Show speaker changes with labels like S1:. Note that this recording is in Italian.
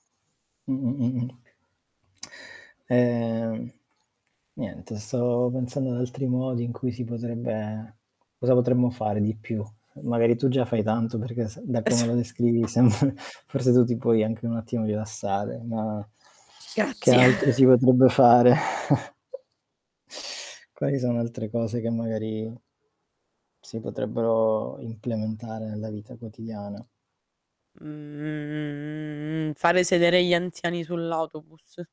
S1: Mh. Mh. Mh. Ehm, niente stavo pensando ad altri modi in cui si potrebbe cosa potremmo fare di più? Magari tu già fai tanto perché se da
S2: E s
S1: come lo descrivi sembr forse tu ti puoi anche un attimo rilassare, ma che
S2: Grazie.
S1: altro si potrebbe fare? Quali sono altre cose che magari si potrebbero implementare nella vita quotidiana?
S2: Mhmm, fare sedere gli anziani sull'autobus.